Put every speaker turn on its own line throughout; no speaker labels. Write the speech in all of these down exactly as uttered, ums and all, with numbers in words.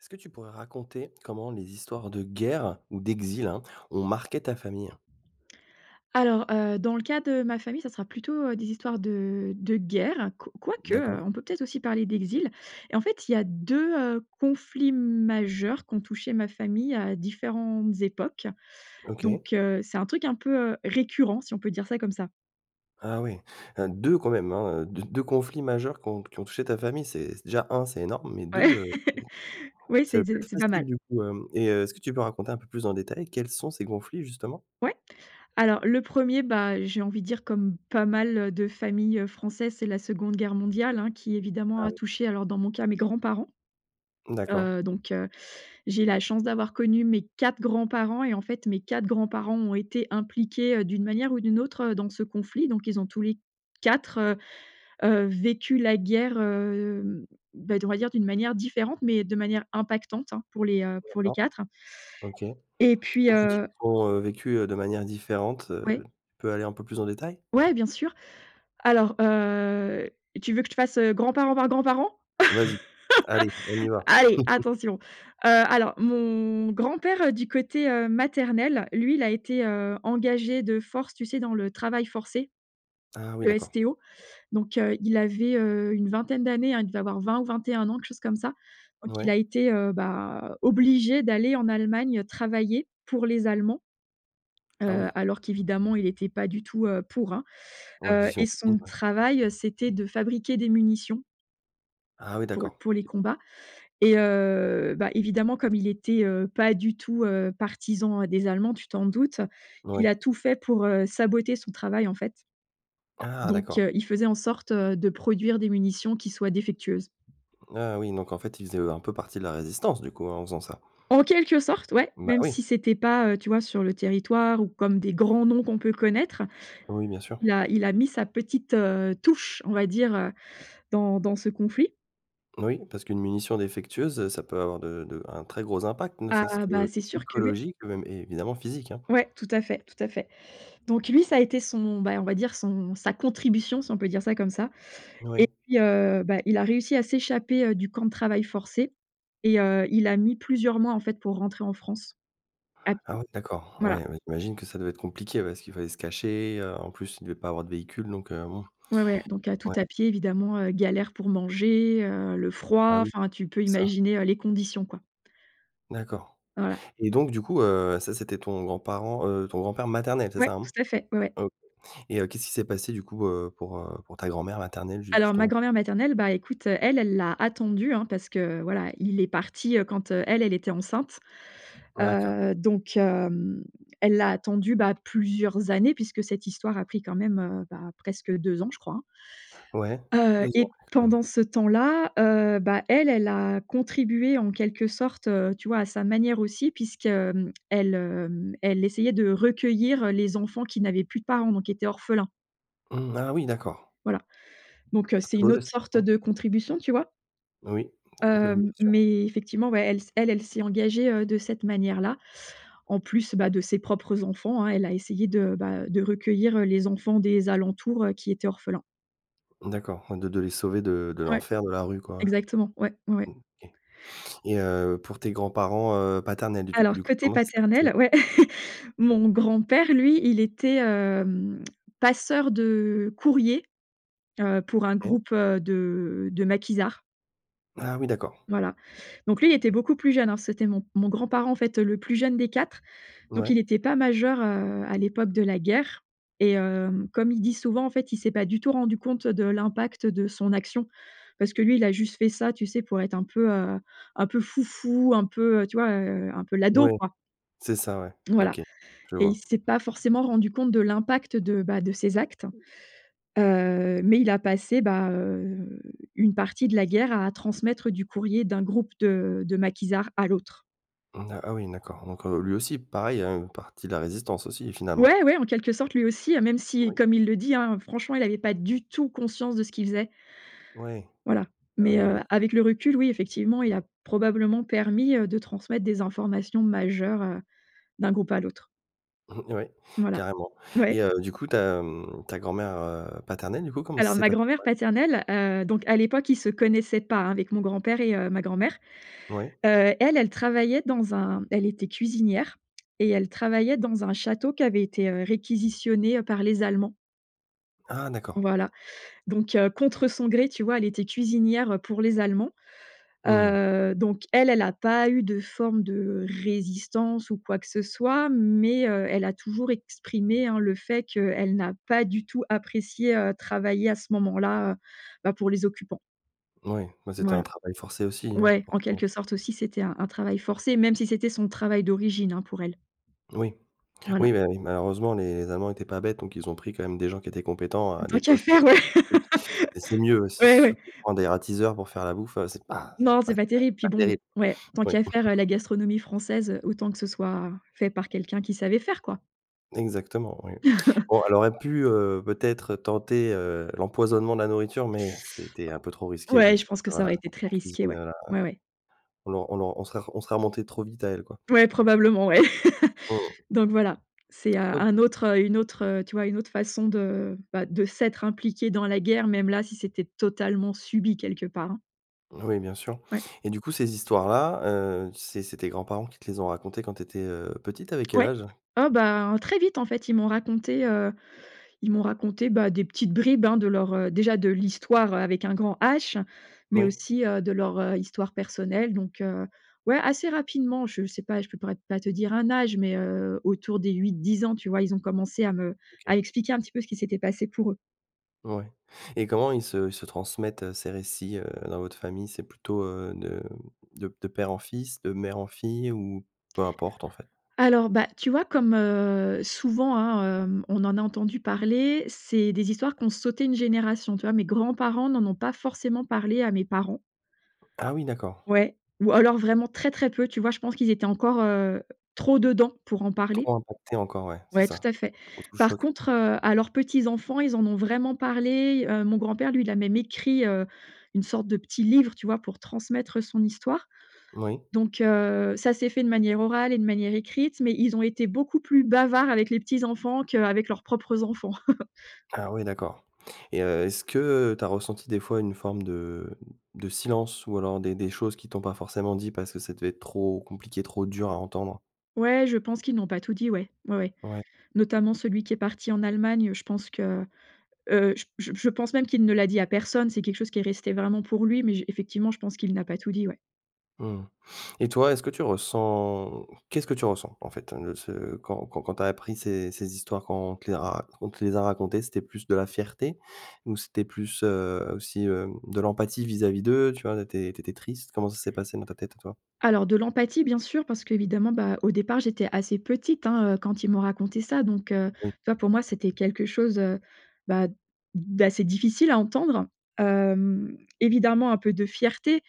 Est-ce que tu pourrais raconter, comment les histoires de guerre ou d'exil, hein, ont marqué ta famille?
Alors, heu, dans le cas de ma famille, ça sera plutôt, heu, des histoires de de guerre, qu quoique, heu,
D'accord.
on peut peut-être aussi parler d'exil. En fait, il y a deux, heu, conflits majeurs qui ont touché ma famille à différentes époques.
OK.
Donc, heu, c'est un truc un peu, heu, récurrent si on peut dire ça comme ça.
Ah oui, hem, deux quand même, hein, d deux conflits majeurs qui ont qui ont touché ta famille, c'est c déjà un c'est énorme, mais deux,
Ouais.
heu,
Oui,
ça
c'est
doit pas
de
être
c'est pas
facile
mal.
du coup, hem, et heu, est-ce que tu peux raconter un peu plus en détail quels sont ces conflits justement?
Ouais. Alors le premier, bah, j'ai envie de dire comme pas mal, heu, de familles, heu, françaises, c'est la seconde guerre mondiale, hein, qui évidemment
Ah
a
oui.
touché alors dans mon cas mes grands-parents.
D'accord.
Heu, donc, heu, j'ai la chance d'avoir connu mes quatre grands-parents et en fait mes quatre grands-parents ont été impliqués, heu, d'une manière ou d'une autre, heu, dans ce conflit. Donc ils ont tous les quatre, heu, heu, vécu la guerre, heu, bah, d on va dire d'une manière différente mais de manière impactante, hein, pour les, heu, pour les
D'accord.
quatre
OK.
et puis,
Quand tu dis:
heu
«On, heu, vécu, heu, de manière différente», heu,
Ouais.
tu peux aller un peu plus en détail?
Ouais, bien sûr. Alors, heu, tu veux que je te fasse, heu, grand parent par grand parent?
Vas-y. Allez, on y va.
Allez, attention. Heu, alors mon grand père, heu, du côté heu, maternel, lui il a été, heu, engagé de force, tu sais? Dans le travail forcé.
Ah oui,
Le
d'accord.
STO donc, heu, il avait, heu, une vingtaine d'années, hein, il devait avoir vingt ou vingt-et-un ans, quelque chose comme ça. Donc il
Ouais.
a été, heu, bah, obligé d'aller en Allemagne, heu, travailler pour les Allemands,
Ah
heu,
oui.
alors qu'évidemment il était pas du tout, heu, pour, hein.
Ouais,
Heu,
j'imagine
et son
ouais.
travail, heu, c'était de fabriquer des munitions
Ah oui,
pour l
d'accord.
pour les
[unintelligible]
combats et, heu, bah, évidemment comme il était, heu, pas du tout, heu, partisan des Allemands, tu t'en doutes, il
Moui.
a tout fait pour, heu, saboter son travail en fait
Ah!
donc,
D'accord.
heu, il faisait en sorte, heu, de produire des munitions qui soient défectueuses.
Ah oui, donc en fait ils faisaient, heu, un peu partie de la résistance du coup, hein, en faisant ça?
En quelque sorte, ouais,
Bah
même
oui!
si c'était pas, heu, tu vois? Sur le territoire ou comme des grands noms qu'on peut connaître,
Oui, bien sûr.
il a il a mis sa petite, heu, touche on va dire, heu, dans dans ce conflit.
Oui. Parce qu'une munition défectueuse, heu, ça peut avoir de de un très gros impact, ne serait-ce
Ah, bah c'est sûr que, ouais.
qu'écologique même et évidemment physique, hein.
Ouais, tout à fait, tout à fait. Donc lui ça a été son, ben, on va dire son, sa contribution si on peut dire ça comme ça et
Oui.
puis, heu, bah, il a réussi à s'échapper, heu, du camp de travail forcé et, heu, il a mis plusieurs mois, en fait, pour rentrer en France. À
Ah
pied.
oui, d'accord. Ouais,
Voilà.
j'imagine que ça devait être compliqué parce qu'il fallait se cacher, heu, en plus il devait pas avoir de véhicule donc, heu, bon.
Ouais, ouais. Donc à, tout
Ouais.
à pied évidemment, heu, galère pour manger, heu, le
Ah
froid,
oui,
enfin tu peux
c'est ça.
imaginer heu, les conditions quoi.
D'accord.
Voilà.
Et donc du coup, heu, ça c'était ton grand-parent, heu, ton grand-père maternel c'est
Ouais
ça, hein?
tout à fait. Ouais, ouais.
OK et heu, qu'est-ce qui s'est passé du coup, heu, pour, heu, pour ta grand-mère maternelle ju
Alors ma
justement?
grand-mère maternelle, bah, écoute, heu, elle, elle l'a attendu hein, parce que voilà, il est parti, heu, quand, heu, elle, elle était enceinte.
D'accord.
Heu, donc hem, elle l'a attendu, bah, plusieurs années puisque cette histoire a pris quand même, heu, bah, presque deux ans je crois, hein
Ouais.
heu
Deux ans
et
quand même.
pendant ce temps-là, heu, bah elle, elle a contribué en quelque sorte, heu, tu vois à sa manière aussi puisque, hem, elle hem, elle essayait de recueillir heu, les enfants qui n'avaient plus de parents donc qui étaient orphelins.
Mmh, ah oui, d'accord.
Voilà. Donc, heu,
C'est
c'est
un beau
une autre
geste aussi,
sorte
hein.
de contribution, tu vois?
Oui, oui bien
Hem,
sûr.
mais effectivement ouais, elle s elle, elle s'est engagée, heu, de cette manière-là en plus, bah, de ses propres enfants, hein, elle a essayé de, bah, heu, de recueillir, heu, les enfants des alentours, heu, qui étaient orphelins.
D'accord, de de les sauver de de
Ouais,
l'enfer de la rue quoi.
exactement. Ouais, mouais.
OK. Et heu, pour tes grands-parents, heu, paternels du tout
Alors
du coup,
côté
comment ça s'est passé?
paternel ouais, mon grand-père lui il était, hem, passeur de courrier, heu, pour un
OK.
groupe, heu, de de maquisards.
Ah oui d'accord.
Voilà, donc lui il était beaucoup plus jeune, hein, c'était mon mon grand-parent en fait, heu, le plus jeune des quatre, donc
Ouais.
il était pas majeur, heu, à l'époque de la guerre et, heu, comme il dit souvent en fait il s'est pas du tout rendu compte de l'impact de son action. Parce que lui il a juste fait ça tu sais? Pour être un peu, heu, un peu fou fou, un peu, heu, tu vois? Heu, un peu l'ado
Ouais,
quoi.
c'est ça, ouais,
Voilà
OK, je
et il
vois.
s'est pas forcément rendu compte de l'impact de, bah, de ses actes, heu, mais il a passé, bah, heu, une partie de la guerre à transmettre du courrier d'un groupe de de maquisards à l'autre.
N ah oui d'accord donc, heu, lui aussi pareil, heu, une partie de la résistance aussi finalement.
Ouais ouais, en quelque sorte lui aussi, hein, même si
Oui.
comme il le dit, hein, franchement il avait pas du tout conscience de ce qu'il faisait.
Ouais.
Voilà.
Ah oui,
Mais,
oui,
heu,
bien
avec le recul oui effectivement il a probablement permis, heu, de transmettre des informations majeures, heu, d'un groupe à l'autre.
Ouais
Voilà,
carrément et
ouais.
heu, du coup ta, mmh, ta grand-mère, heu, paternelle du coup comment ça
Alors
s'est
ma
passé pour
grand-mère
elle?
paternelle, heu, donc à l'époque ils se connaissaient pas, hein, avec mon grand-père et, heu, ma grand-mère.
Ouais.
Heu, elle, elle travaillait dans un elle était cuisinière, et elle travaillait dans un château qui avait été réquisitionné, heu, par les Allemands.
Ah, d'accord.
Voilà. Donc, heu, contre son gré tu vois elle était cuisinière, heu, pour les Allemands.
Mmh mh.
Heu, donc elle elle a pas eu de forme de résistance ou quoi que ce soit. Mais, heu, elle a toujours exprimé, hein, le fait qu'elle n'a pas du tout apprécié, heu, travailler à ce moment-là, heu, bah, pour les occupants.
Ouais. Bah, c'était un
Voilà.
travail forcé aussi, hein,
Ouais, en
forcement.
quelque sorte aussi c'était un un travail forcé. Même si c'était son travail d'origine, hein, pour elle.
Oui, oui.
Voilà.
Mais, oui malheureusement les allemands étaient pas bêtes donc ils ont pris quand même des gens qui étaient compétents à
Tant
des
qu'à
postes,
faire, ouais.
heu et c'est mieux si c'est
Ouais,
sûr
ouais.
que prendre des ratiseurs pour faire la bouffe, heu, c'est pas,
Non.
c'est
C'est pas terrible puis
pas
bon
terrible.
ouais tant
Oui.
qu'à faire, heu, la gastronomie française, heu, autant que ce soit fait par quelqu'un qui savait faire quoi.
Exactement, oui. Bon elle aurait pu, heu, peut-être tenter, heu, l'empoisonnement de la nourriture. Mais c'était un peu trop risqué
Ouais,
vu que
je pense que ça
voilà
aurait été très
en
risqué.
cuisine,
Ouais.
heu,
Ouais, ouais.
on l on l on ser on serait remonté trop vite à elle quoi.
Ouais, probablement, ouais.
Mmh mh.
Donc voilà, c'est un un
OK.
autre, heu une autre, heu, tu vois une autre façon de, bah, de s'être impliqué dans la guerre même là si c'était totalement subi quelque part, hein.
Oui bien sûr.
Ouais.
Et du coup, ces histoires-là, heu, c'est c'est tes grands-parents qui te les ont racontées quand tu étais, heu, petite? T'avais quel
Ouais.
âge?
Oh ben, très vite en fait ils m'ont raconté, heu, ils m'ont raconté, bah, des petites bribes, hein, de leur, heu déjà de l'histoire avec un grand H, mais
Oui.
aussi, heu, de leur, heu, histoire personnelle. Donc, heu, ouais assez rapidement, je sais pas je peu pourrait pas te dire un âge mais, heu, autour des huit-dix ans, tu vois? Ils ont commencé à me
OK.
à expliquer un petit peu ce qui s'était passé pour eux.
Ouais. Et comment ils se ils se transmettent ces récits, heu, dans votre famille? C'est plutôt, heu, de de de père en fils, de mère en fille ou peu importe, en fait?
Alors, bah tu vois comme, heu, souvent, hein, heu, on en a entendu parler. C'est des histoires qui ont sauté une génération, tu vois? Mes grands-parents n'en ont pas forcément parlé à mes parents.
Ah oui, d'accord.
Ouais ou alors vraiment très, très peu, tu vois? Je pense qu'ils étaient encore, heu, trop dedans pour en parler.
Trop impacté encore ouais, c'est
Ouais tout à
ça.
fait. Par
[unintelligible]
contre, heu, à leurs petits enfants, ils en ont vraiment parlé. Heu, mon grand-père, lui il a même écrit, heu, une sorte de petit livre, tu vois? Pour transmettre son histoire.
Oui.
Donc, heu, ça s'est fait de manière orale et de manière écrite, mais ils ont été beaucoup plus bavards avec les petits enfants qu'avec leurs propres enfants.
Ah oui, d'accord, et heu, est-ce que tu as ressenti, des fois, une forme de de silence ou alors des des choses qui t'ont pas forcément dit, parce que ça devait être trop compliqué, trop dur à entendre?
Ouais, je pense qu'ils n'ont pas tout dit, ouais. Ouais, ouais.
Ouais.
Notamment celui qui est parti en Allemagne, je pense que, heu, j j je pense même qu'il ne l'a dit à personne. C'est quelque chose qui est resté vraiment pour lui, mais j effectivement je pense qu'il n'a pas tout dit ouais.
Mmh. Et toi, est-ce que tu ressens, qu'est-ce que tu ressens, en fait? Ne ce quand quand tu as appris ces ces histoires, quand on te les a quand on te les a racontées? C'était plus de la fierté? Ou c'était plus, heu, aussi, heu, de l'empathie, vis-à-vis d'eux, tu vois? Tu étais tu étais triste? Comment ça s'est passé dans ta tête à toi?
Alors, de l'empathie, bien sûr, parce qu'évidemment, bah, au départ j'étais assez petite, hein, heu, quand ils m'ont raconté ça. Donc, heu,
Oui.
tu vois, pour moi, c'était quelque chose, heu, bah, d'assez difficile à entendre, hem, évidemment un peu de fierté,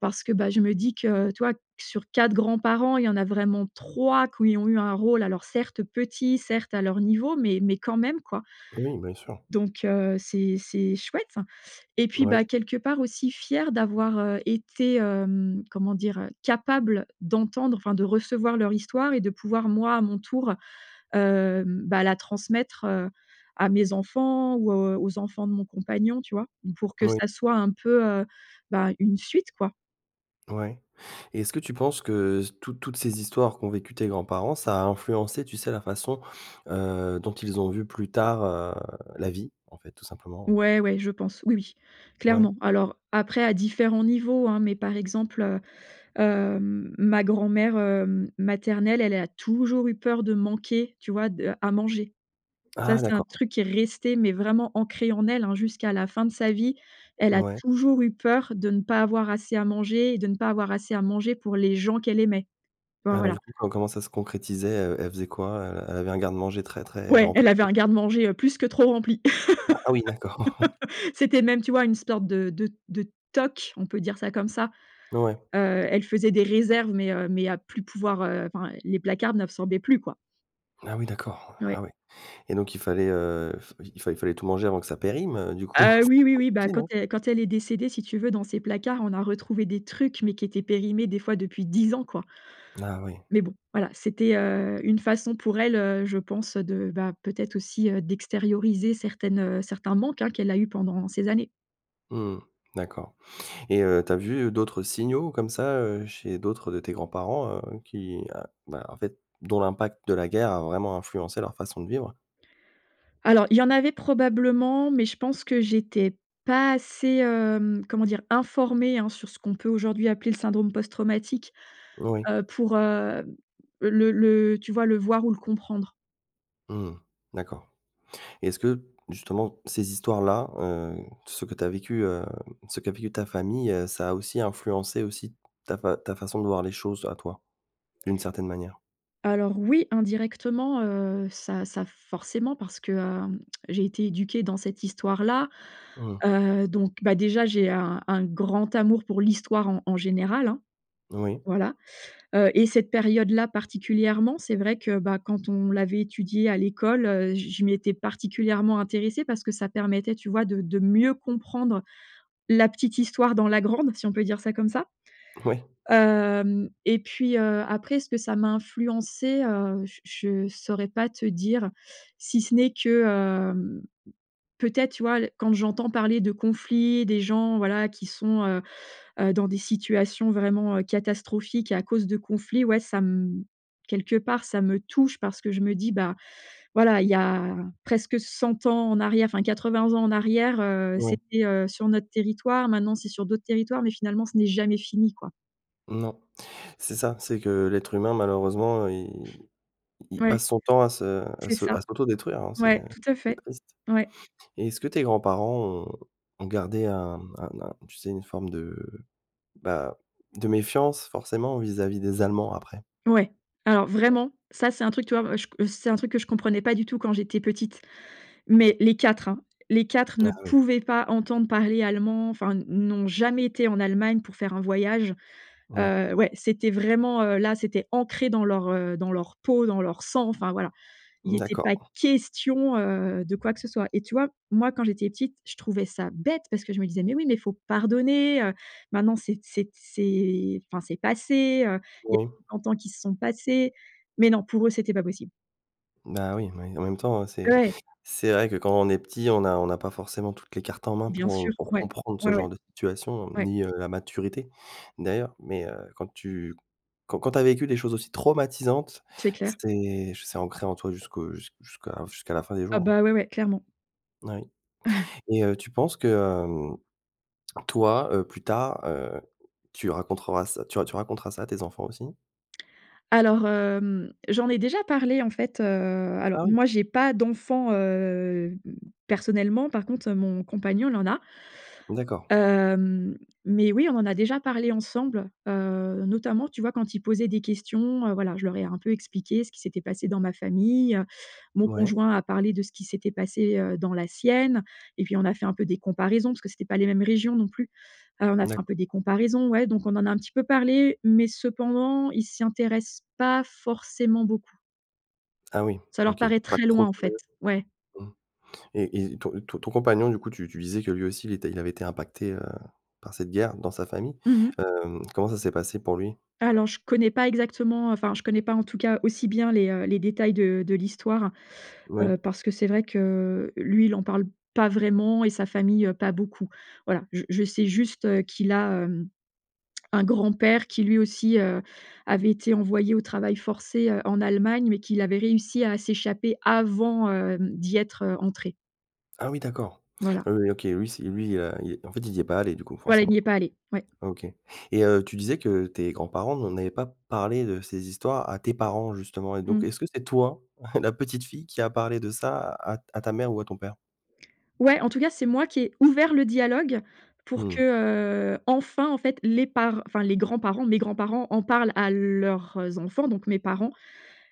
parce que, bah, je me dis que, tu vois, sur quatre grands-parents il y en a vraiment trois qui ont eu un rôle, alors, certes, petit, certes, à leur niveau, mais mais, quand même, quoi.
Oui, bien sûr.
Donc, heu, c'est c'est chouette. Et puis, bah,
Oui.
quelque part aussi, fière d'avoir, heu, été, hem, comment dire, capable d'entendre enfin, de recevoir leur histoire et de pouvoir moi à mon tour, heu, bah, la transmettre, heu, à mes enfants ou aux aux enfants de mon compagnon, tu vois? Pour que
Oui.
ça soit un peu, heu, bah, une suite, quoi.
Ouais. Et est-ce que tu penses que toutes toutes ces histoires qu'ont vécues tes grands-parents, ça a influencé, tu sais, la façon, heu, dont ils ont vu, plus tard, heu, la vie, en fait, tout simplement, hein?
Ouais, ouais, je pense. Oui, oui,
Ouais.
clairement. Alors, après à différents niveaux, hein, mais par exemple, heu, heu, ma grand-mère, heu, maternelle, elle a toujours eu peur de manquer, tu vois, de à manger. Ça
Ah,
c'est un
d'accord!
truc qui est resté mais vraiment ancré en elle, hein, jusqu'à la fin de sa vie, elle a
Ouais.
toujours eu peur de ne pas avoir assez à manger et de ne pas avoir assez à manger pour les gens qu'elle aimait. Tu vois,
Alors,
voilà.
du coup, co comment ça se concrétisait? Heu, elle faisait quoi? Heu, elle avait un garde-manger très, très
Ouais!
rempli?
Elle avait
[unintelligible]
un garde-manger, heu, plus que trop rempli.
Ah oui. D'accord.
C'était même, tu vois, une sorte de de de toc, on peut dire ça comme ça.
Ouais.
Heu, elle faisait des réserves, mais, heu, mais, à plus pouvoir, heu, enfin, les placards n’absorbaient plus quoi.
Ah oui d'accord,
Oui.
ah oui. Et donc il fallait, heu, il f il fallait il fallait tout manger avant que ça périme, heu, du coup?
Heu, oui,
C'était
oui, oui. Bah,
compliqué,
quand
non?
é quand elle est décédée si tu veux dans ses placards on a retrouvé des trucs, mais qui étaient périmés des fois depuis dix ans quoi.
Ah oui.
Mais bon, voilà c'était, heu, une façon pour elle, heu, je pense, heu, de, bah, peut-être aussi, heu, d'extérioriser certaines, heu, certains manques, hein, qu'elle a eu pendant ces années.
Mmh d'accord. Et heu, tu as vu, heu, d'autres signaux comme ça, heu, chez d'autres de tes grands-parents, heu, qui, heu, bah, en fait dont l'impact de la guerre a vraiment influencé leur façon de vivre?
Alors il y en avait probablement, mais je pense que j'étais pas assez, hem, comment dire? Informée, hein, sur ce qu'on peut aujourd'hui appeler le syndrome post-traumatique,
Oui.
heu, pour, heu, le le, heu, tu vois? Le voir ou le comprendre.
Mmh d'accord. Est-ce que justement ces histoires-là, heu, ce que tu as vécu, heu, ce qu'a vécu ta famille, heu, ça a aussi influencé aussi ta fa ta façon de voir les choses, à toi, d'une certaine manière?
Alors oui! Indirectement, heu, ça ça forcément parce que, hem, j'ai été éduquée dans cette histoire-là.
Mmh.
Heu, donc, bah, déjà j'ai un un grand amour pour l'histoire en en général, hein.
Oui.
Voilà. Heu, et cette période-là particulièrement c'est vrai que, bah, quand on l'avait étudiée à l'école, heu, j je m'y étais particulièrement intéressée parce que ça permettait, tu vois, de de mieux comprendre la petite histoire dans la grande, si on peut dire ça comme ça.
Oui.
Hem et puis, heu, après ce que ça m'a influencé, heu, j je saurais pas te dire si ce n'est que, hem. Peut-être tu vois, l quand j'entends parler de conflits, des gens voilà qui sont, heu, heu, dans des situations vraiment, heu, catastrophiques à cause de conflits, ouais ca m quelque part ça me touche parce que je me dis: «Bah, voilà. Il y a presque cent ans en arrière, enfin quatre vingt ans en arrière, heu,
Oui.
c'était, heu, sur notre territoire. Maintenant c'est sur d'autres territoires, mais finalement ce n'est jamais fini quoi».
Non. C'est ça. C'est que, l'être humain malheureusement il il
Ouais.
passe son temps à se à
C'est
se
ça,
à s'autodétruire, hein. C'est,
ouais,
heu,
tout à
c'est
fait,
triste.
ouais.
Et est-ce que tes grands-parents ont ont gardé un un un tu sais? Une forme de, bah, de méfiance, forcément, vis-à-vis des Allemands après?
Ouais. Alors
[unintelligible]
vraiment, ça c'est un truc tu vois? Moi je c'est un truc que je comprenais pas du tout quand j'étais petite. Mais les quatre hein! Les quatre
Ah
ne
oui.
pouvaient pas entendre parler allemand enfin, n'ont jamais été en Allemagne pour faire un voyage.
Ouais.
Heu, ouais, c'était vraiment, heu, là c'était ancré dans leur, heu dans leur peau dans leur sang, enfin voilà. Il était pas
D'accord.
question, heu, de quoi que ce soit. Et tu vois? Moi quand j'étais petite, je trouvais ça bête parce que je me disais: «Mais oui, mais il faut pardonner, heu, maintenant c'est t c'est t c'est enfin c'est passé, heu, il y a
Oui.
[unintelligible] ans qui se sont passés», mais non, pour eux c'était pas possible.
Bah oui oui, en même temps, c'est,
Ouais!
c'est vrai que, quand on est petit, on a on a pas forcément toutes les cartes en main
Bien
pour
sûr,
pour
ouais,
comprendre ce
ouais,
genre
ouais,
de situation,
ouais.
ni, heu, la maturité d'ailleurs, mais, heu, quand tu quand quand tu as vécu des choses aussi traumatisantes
C'est clair.
c'est, j c'est ancré en toi jusqu'au jus jusqu'à jusqu'à la fin des
Ah
jours, hein.
bah, ouais, ouais, clairement.
Oui, et heu, tu penses que hem, toi, heu, plus tard, heu, tu racontreras ça tu tu raconteras ça à tes enfants aussi?
Alors, hem, j'en ai déjà parlé en fait, heu, alors
Ah oui?
moi, j'ai pas d'enfant, hem, personnellement, par contre, heu, mon compagnon, il en a.
D'accord.
Hem, mais oui, on en a déjà parlé ensemble. Heu, notamment, tu vois quand ils posaient des questions, heu, voilà, je leur ai un peu expliqué ce qui s'était passé dans ma famille, heu. Mon
Mouais.
conjoint a parlé de ce qui s'était passé, heu, dans la sienne, et puis on a fait un peu des comparaisons, parce que c'était pas les mêmes régions non plus. Heu, on a fait un
D'acc
peu des comparaisons, ouais, donc on en a un petit peu parlé, mais cependant, ils s'y intéressent pas forcément beaucoup.
Ah oui,
Ça leur
OK.
paraît
Pas
très
de,
loin en fait,
[unintelligible]
ouais.
mmh. Et et, ton ton ton compagnon du coup, tu tu disais que lui aussi, il était il avait été impacté, heu, par cette guerre, dans sa famille.
Mmh mh.
Hem, comment ça s'est passé pour lui?
Alors je connais pas exactement, heu, enfin, je connais pas en tout cas aussi bien les, heu, les détails de de l'histoire.
Oui.
Heu, parce que c'est vrai que, lui il en parle pas vraiment, et sa famille, heu, pas beaucoup. Voilà, je je sais juste, heu, qu'il a, hem, un grand-père qui lui aussi, heu, avait été envoyé au travail forcé, heu, en Allemagne, mais qu'il avait réussi à s'échapper avant, hem, d'y être, heu, entré.
Ah oui d'accord.
Voilà.
Ah oui, OK, lui c lui, heu, il, heu, en fait, il y est pas allé du coup,
Voilà, il n'y
forcément?
est pas allé, ouais.
OK, et heu, tu disais que tes grands-parents n'en avaient pas parlé de ces histoires, à tes parents justement et donc
Mmh.
est-ce que c'est toi, la petite-fille, qui a parlé de ça à à ta mère ou à ton père?
Ouais, en tout cas, c'est moi qui ai ouvert le dialogue pour que,
Mmh.
heu, enfin, en fait les par enfin les grands-parents, mes grands-parents, en parlent à leurs, heu, enfants, donc mes parents.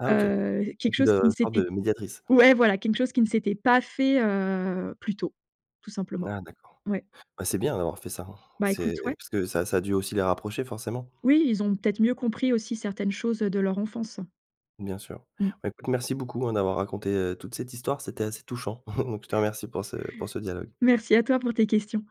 Ah OK,,
Heu, quelque
[unintelligible]
chose qui ne
une sorte,
s'était
de, médiatrice?
ouais voilà, quelque chose qui ne s'était pas fait, heu, plus tôt, tout simplement.
Ah d'accord.
Ouais.
Bah, c'est bien d'avoir fait ça, hein.
Bah
C'est,
écoute ouais.
parce que ça ça a dû aussi les rapprocher, forcément?
Oui, ils ont peut-être mieux compris aussi certaines choses, heu, de leur enfance.
Bien sûr.
Mmh.
Bah écoute, merci beaucoup hein d'avoir raconté, heu, toute cette histoire, c'était assez touchant, donc je te remercie pour ce, pour ce dialogue.
Merci à toi pour tes questions.